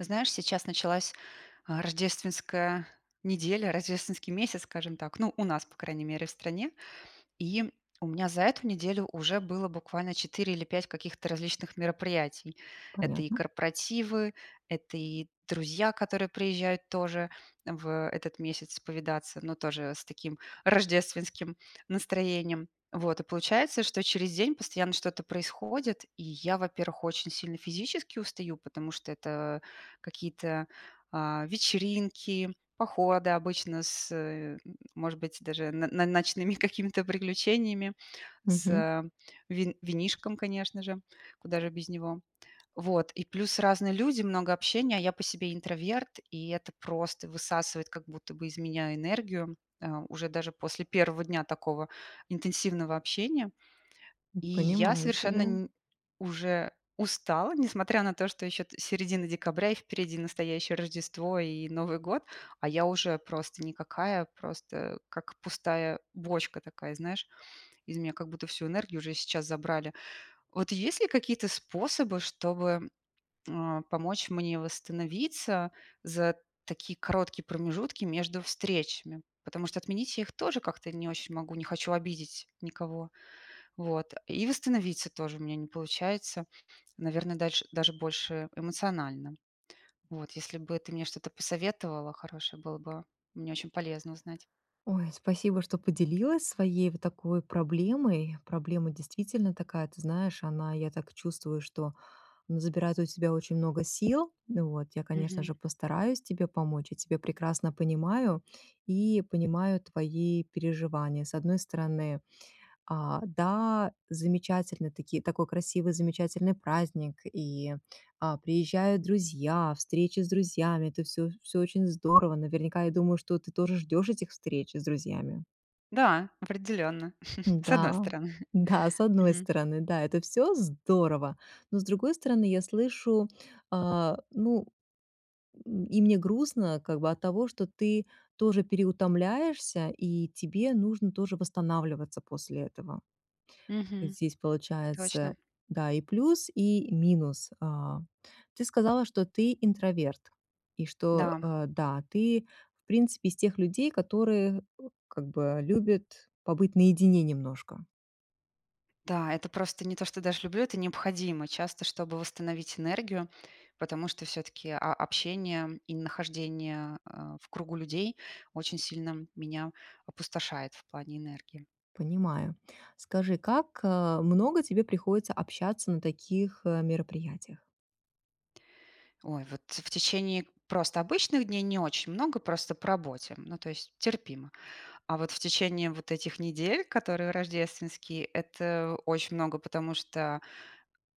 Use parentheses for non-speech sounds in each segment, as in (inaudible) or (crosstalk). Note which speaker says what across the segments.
Speaker 1: Знаешь, сейчас началась рождественская неделя, рождественский месяц, скажем так, ну, у нас, по крайней мере, в стране. И у меня за эту неделю уже было буквально 4 или 5 каких-то различных мероприятий. Это и
Speaker 2: Понятно.
Speaker 1: корпоративы, это и друзья, которые приезжают тоже в этот месяц повидаться, но тоже с таким рождественским настроением. Вот, и получается, что через день постоянно что-то происходит. И я, во-первых, очень сильно физически устаю, потому что это какие-то, а, вечеринки, походы обычно с может быть, даже н н ночными какими-то приключениями,
Speaker 2: Мгм.
Speaker 1: с вин винишком, конечно же. Куда же без него? Вот, и плюс разные люди, много общения, а я по себе интроверт, и это просто высасывает как будто бы из меня энергию, э, уже даже после 1 дня такого интенсивного общения.
Speaker 2: М,
Speaker 1: И я
Speaker 2: понимаю
Speaker 1: совершенно
Speaker 2: тебя.
Speaker 1: нь уже устала, несмотря на то, что ещё т середина декабря и впереди настоящее Рождество и Новый год. А я уже просто никакая, просто как пустая бочка такая, знаешь, из меня как будто всю энергию уже сейчас забрали. Вот есть ли какие-то способы, чтобы, а, помочь мне восстановиться за такие короткие промежутки между встречами? Потому что отменить я их тоже как-то не очень могу, не хочу обидеть никого. Вот и восстановиться тоже у меня не получается, наверно, дальш даже больше эмоционально. Вот, если бы ты мне что-то посоветовала хорошее, было бы мне очень полезно узнать.
Speaker 2: Ой, спасибо, что поделилась своей вот такой проблемой. Проблема действительно такая, ты знаешь, она, я так чувствую, что, ну, забирает у тебя очень много сил. Вот, я, конечно
Speaker 1: Мгм.
Speaker 2: же, постараюсь тебе помочь. Я тебя прекрасно понимаю и понимаю твои переживания. С одной стороны, а, да, замечательный такие такой красивый замечательный праздник. И, а, приезжают друзья, встречи с друзьями, это всё всё очень здорово. Наверняка я думаю, что ты тоже ждешь этих встреч с друзьями.
Speaker 1: Да, определенно, (chuckles) с одной
Speaker 2: Да
Speaker 1: стороны.
Speaker 2: да. С одной
Speaker 1: Мгм.
Speaker 2: стороны, да, это всё здорово. Но с другой стороны, я слышу, а, ну, и мне грустно как бы от того, что ты тоже переутомляешься и тебе нужно тоже восстанавливаться после этого.
Speaker 1: Мгм.
Speaker 2: Здесь
Speaker 1: Точно.
Speaker 2: получается, да, и плюс, и минус. Э, ты сказала, что ты интроверт и что,
Speaker 1: Да.
Speaker 2: э, да, ты, в принципе, из тех людей, которые, э, как бы любят побыть наедине немножко.
Speaker 1: Да, это просто не то, что даже люблю, это необходимо часто, чтобы восстановить энергию, потому что всё-таки, а, общение и нахождение, э, в кругу людей очень сильно меня опустошает в плане энергии.
Speaker 2: Понимаю. Скажи, как, э, много тебе приходится общаться на таких, э, мероприятиях?
Speaker 1: Ой, вот в течение просто обычных дней не очень много, просто по работе. Ну, то есть терпимо. А вот в течение вот этих недель, которые рождественские, это очень много, потому что,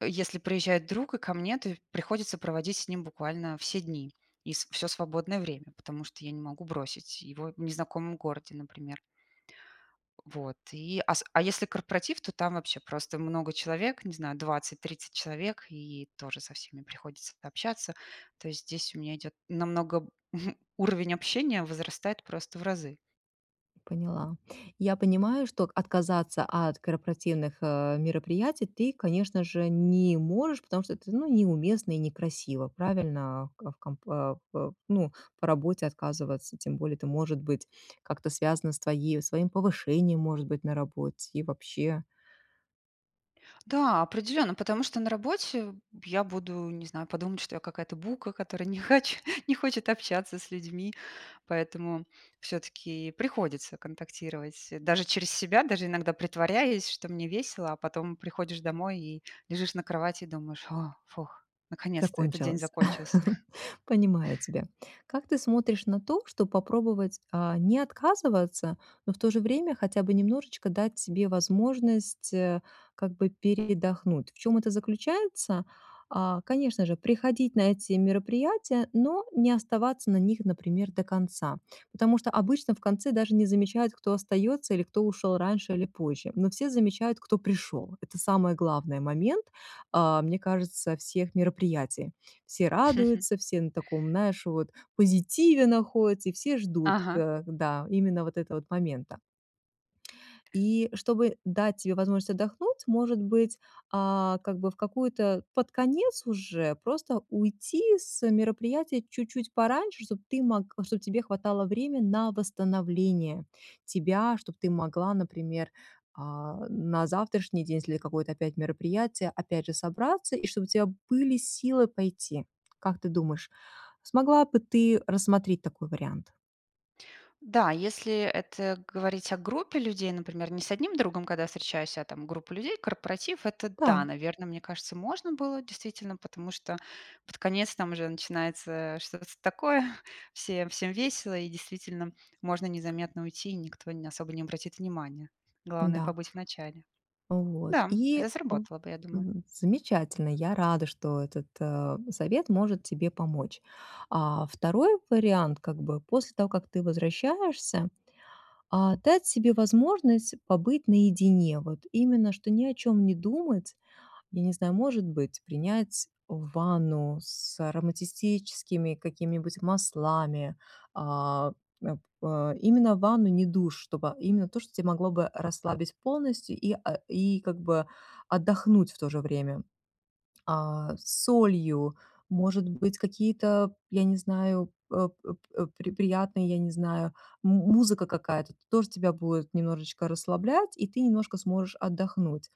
Speaker 1: если приезжает друг и ко мне, то приходится проводить с ним буквально все дни и с всё свободное время, потому что я не могу бросить его в незнакомом городе, например. Вот и ас а если корпоратив, то там вообще просто много человек, не знаю, 20-30 человек, и тоже со всеми приходится общаться. То есть здесь у меня идет намного (chuckles) уровень общения возрастает просто в разы.
Speaker 2: Поняла. Я понимаю, что отказаться от корпоративных, э, мероприятий ты, конечно же, не можешь, потому что это, ну, неуместно и некрасиво, правильно? А в а в компа а, по, ну, по работе отказываться. Тем более это может быть как-то связано с твои с твоим повышением, может быть, на работе и вообще
Speaker 1: Да, определённо, потому что на работе б я буду, не знаю, подумают, что я какая-то бука, которая не хоч не хочет общаться с людьми. Поэтому всё-таки приходится контактировать, даже через себя, даже иногда притворяясь, что мне весело, а потом приходишь домой и лежишь на кровати, думаешь: "О, фух, наконец-то этот день
Speaker 2: Закончилось.
Speaker 1: закончился".
Speaker 2: (chuckles) Понимаю тебя. Как ты смотришь на то, чтобы попробовать, а, не отказываться, но в то же время хотя бы немножечко дать себе возможность, э, как бы передохнуть. В чем это заключается? А, конечно же, приходить на эти мероприятия, но не оставаться на них, например, до конца. Потому что обычно в конце даже не замечают, кто остается, или кто ушел раньше, или позже. Но все замечают, кто пришел. Это самое главное момент, а, мне кажется, всех мероприятий. Все
Speaker 1: (chuckles)
Speaker 2: радуются, все на таком, знаешь, вот позитиве находятся, и все ждут,
Speaker 1: Ага.
Speaker 2: э, да, именно вот этого вот момента. И, чтобы дать тебе возможность отдохнуть, может быть, а, как бы, в какую-то под конец уже просто уйти с мероприятия чуть-чуть пораньше, чтоб ты мог чтоб тебе хватало время на восстановление тебя, чтоб ты могла, например, а, на завтрашний день, если какое-то опять мероприятие, опять же, собраться и чтобы у тебя были силы пойти. Как ты думаешь, смогла бы ты рассмотреть такой вариант?
Speaker 1: Да, если это говорить о группе людей, например, не с одним другом, когда встречаюсь, а там группа людей, корпоратив, это
Speaker 2: Да.
Speaker 1: да, наверное, мне кажется, можно было, действительно, потому что под конец там уже начинается, э, что-то такое, всем всем весело и действительно можно незаметно уйти, и никто не особо не обратит внимания. Главное-
Speaker 2: Да.
Speaker 1: побыть в начале.
Speaker 2: Вот
Speaker 1: Да,
Speaker 2: и
Speaker 1: это
Speaker 2: о
Speaker 1: сработало бы, я думаю.
Speaker 2: м замечательно. Я рада, что этот, э, совет может тебе помочь. А, 2 вариант, как бы после того как ты возвращаешься, а, дать себе возможность побыть наедине. Вот именно что ни о чём не думать. Я не знаю, может быть, принять ванну с ароматическими какими-нибудь маслами, а, э э. Именно ванну, не душ, чтобы именно то, что тебе могло бы расслабить полностью и, э, и как бы отдохнуть в то же время. А, с солью, может быть, какие-то, я не знаю, э эп эп при приятные, я не знаю, му музыка какая-то тоже тебя будет немножечко расслаблять, и ты немножко сможешь отдохнуть.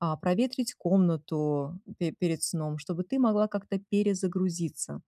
Speaker 2: А, проветрить комнату пе перед сном, чтобы ты могла как-то перезагрузиться.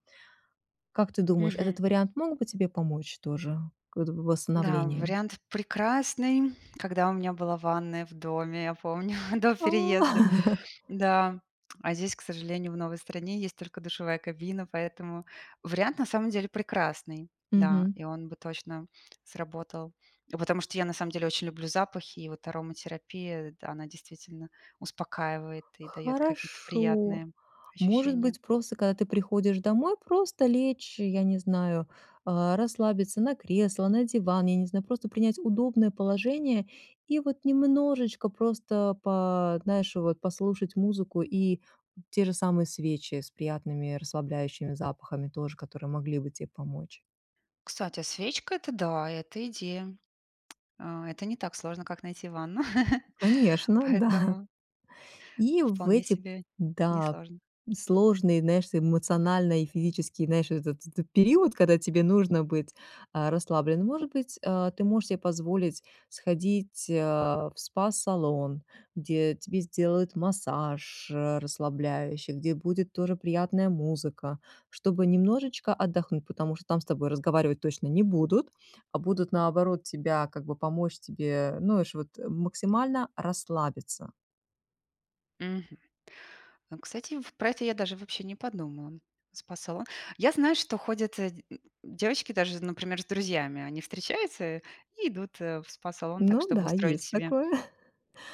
Speaker 2: Как ты думаешь,
Speaker 1: Мгм.
Speaker 2: этот вариант мог бы тебе помочь тоже (unintelligible) в
Speaker 1: Да,
Speaker 2: восстановлении?
Speaker 1: вариант прекрасный, когда у меня была ванная в доме, я помню, до
Speaker 2: А.
Speaker 1: переезда.
Speaker 2: (chuckles)
Speaker 1: Да, а здесь, к сожалению, в новой стране есть только душевая кабина, поэтому вариант на самом деле прекрасный, да,
Speaker 2: Мгм.
Speaker 1: и он бы точно сработал. Потому что я на самом деле очень люблю запахи. И вот ароматерапия, да, она действительно успокаивает и дает какие-то
Speaker 2: Хорошо.
Speaker 1: приятные
Speaker 2: Может
Speaker 1: ощущения.
Speaker 2: быть, просто, когда ты приходишь домой, просто лечь, я не знаю, э, расслабиться на кресло, на диван, я не знаю, просто принять удобное положение и вот немножечко просто по знаешь, вот послушать музыку и те же самые свечи с приятными расслабляющими запахами тоже, которые могли бы тебе помочь.
Speaker 1: Кстати, а свечка- это, да, это идея. А, это не так сложно, как найти ванну, (chuckles)
Speaker 2: Конечно, да.
Speaker 1: поэтому
Speaker 2: И в
Speaker 1: Вполне
Speaker 2: эти,
Speaker 1: себе
Speaker 2: да,
Speaker 1: несложно.
Speaker 2: сложные, знаешь, эмоционально и физически, знаешь, вот этот период, когда тебе нужно быть, а, расслабленным. Может быть, а, ты можешь себе позволить сходить, а, в спа-салон, где тебе сделают массаж расслабляющий, где будет тоже приятная музыка, чтобы немножечко отдохнуть. Потому что там с тобой разговаривать точно не будут, а будут, наоборот, тебя, как бы, помочь тебе, ну и ш вот максимально расслабиться.
Speaker 1: Мгм, ну, кстати, в про это я даже вообще не подумала. Спа-салон. Я знаю, что ходят д девочки даже, например, с друзьями. Они встречаются и идут в спа-салон так,
Speaker 2: Ну
Speaker 1: чтобы
Speaker 2: да,
Speaker 1: устроить
Speaker 2: есть
Speaker 1: себе
Speaker 2: такое. (chuckles)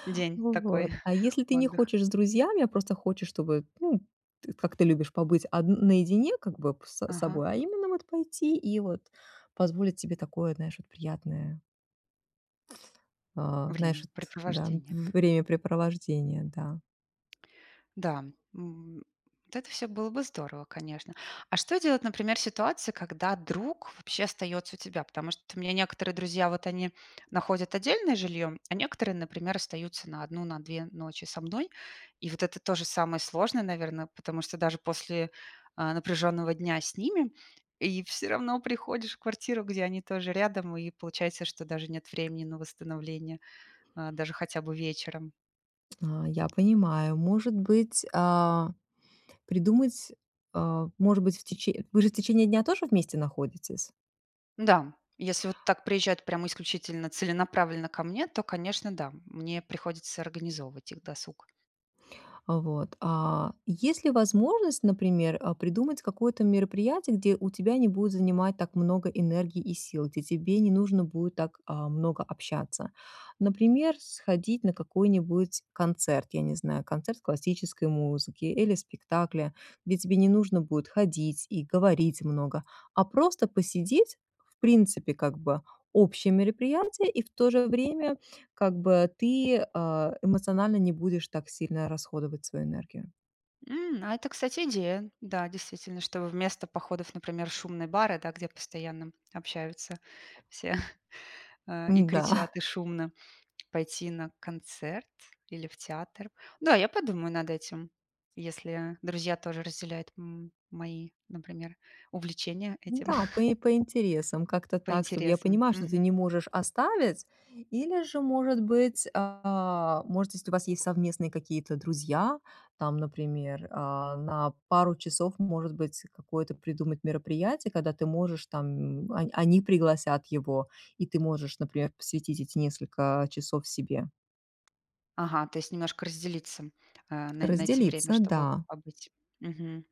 Speaker 1: день такой,
Speaker 2: Вот, а если ты не
Speaker 1: отдыха.
Speaker 2: хочешь с друзьями, а просто хочешь, чтобы, ну, т как ты любишь побыть одн наедине, как бы п с
Speaker 1: Ага.
Speaker 2: собой, а именно вот пойти и вот позволить тебе такое, знаешь, вот приятное А, знаешь, вот, да,
Speaker 1: Времяпрепровождение.
Speaker 2: времяпрепровождение, да.
Speaker 1: Да, м, это всё было бы здорово, конечно. А что делать, например, в ситуации, когда друг вообще остается у тебя? Потому что у меня некоторые друзья, вот, они находят отдельное жилье, а некоторые, например, остаются на 1, на 2 ночи со мной. И вот это тоже самое сложное, наверно. Потому что даже после, а, напряженного дня с ними, и всё равно приходишь в квартиру, где они тоже рядом, и получается, что даже нет времени на восстановление, а, даже хотя бы вечером.
Speaker 2: А, я понимаю, может быть, а, придумать, а, может быть, в тече вы же в течении дня тоже вместе находитесь?
Speaker 1: Да. Если вот так приезжают прямо исключительно целенаправленно ко мне, то, конечно, да. Мне приходится организовывать их досуг.
Speaker 2: Вот, а есть ли возможность, например, э придумать какое-то мероприятие, где у тебя не будет занимать так много энергии и сил, где тебе не нужно будет так, а, много общаться? Например, сходить на какой-нибудь концерт, я не знаю, концерт классической музыки или спектакль, где тебе не нужно будет ходить и говорить много, а просто посидеть, в принципе, как бы общее мероприятие, и в то же время, как бы, э ты, а, эмоционально не будешь так сильно расходовать свою энергию.
Speaker 1: М, а это, кстати, идея. Да, действительно, что вместо походов, например, в шумный бар- это где постоянно общаются все, (chuckles) э, и
Speaker 2: М-да.
Speaker 1: кричат, и шумно,- пойти на концерт или в театр. Да, я подумаю над этим. Если друзья тоже разделяют м мои, например, увлечения этим.
Speaker 2: Да по
Speaker 1: (chuckles)
Speaker 2: и по интересам как-то
Speaker 1: По
Speaker 2: так, чтоб я
Speaker 1: интересам,
Speaker 2: понимаю, что ты не
Speaker 1: мгм.
Speaker 2: можешь оставить или же может быть, а, может, если у вас есть совместные какие-то друзья, там, например, а на пару часов, может быть, какое-то придумать мероприятие, когда ты можешь там, м он они пригласят его, и ты можешь, например, посвятить эти несколько часов себе.
Speaker 1: Ага, то есть немножко разделиться. А най найти время,
Speaker 2: Разделиться,
Speaker 1: чтобы
Speaker 2: да.
Speaker 1: побыть. Мгм.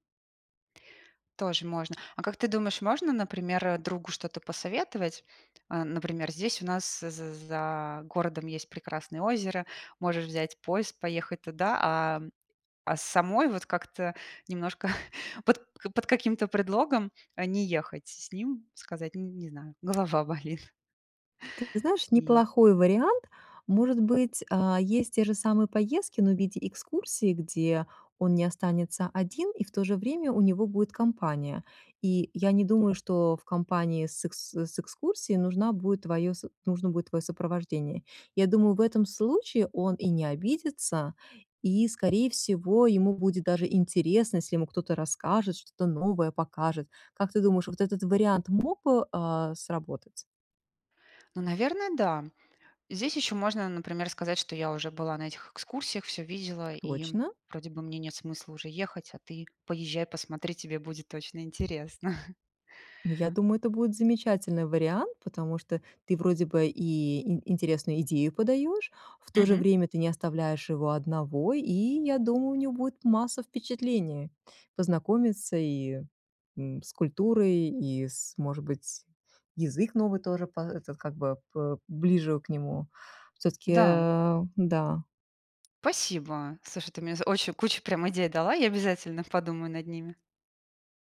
Speaker 1: Тоже можно. А как ты думаешь, можно, например, другу что-то посоветовать? Э, например, здесь у нас з з за городом есть прекрасное озеро. Можешь взять поезд, поехать туда, а, а самой вот как-то немножко под к под каким-то предлогом, э, не ехать с с ним, сказать: "Н не знаю, голова болит".
Speaker 2: Ты знаешь,
Speaker 1: И
Speaker 2: неплохой вариант. Может быть, а, есть те же самые поездки, но в виде экскурсии, где он не останется один и в то же время у него будет компания. И я не думаю, что в компании с эск с экскурсией нужна будет твоё нужно будет твоё сопровождение. Я думаю, в этом случае он и не обидится, и, скорее всего, ему будет даже интересно, если ему кто-то расскажет что-то новое, покажет. Как ты думаешь, вот этот вариант мог бы, а, сработать?
Speaker 1: Ну, наверное, да. Здесь ещё можно, например, сказать, что я уже была на этих экскурсиях, всё видела, и,
Speaker 2: Точно.
Speaker 1: вроде бы мне нет смысла уже ехать, а ты поезжай, посмотри, тебе будет точно интересно. (chuckles)
Speaker 2: Я думаю, это будет замечательный вариант, потому что ты, вроде бы, и и интересную идею подаёшь. В то же
Speaker 1: Мгм.
Speaker 2: время ты не оставляешь его одного. И я думаю, у него будет масса впечатлений: познакомиться и, м, с культурой, и с может быть, язык новый тоже, по этот, как бы, п ближе к нему. Всё-таки,
Speaker 1: Да.
Speaker 2: э, да.
Speaker 1: Спасибо. Слушай, ты мне за очень кучу прям идей дала, я обязательно подумаю над ними.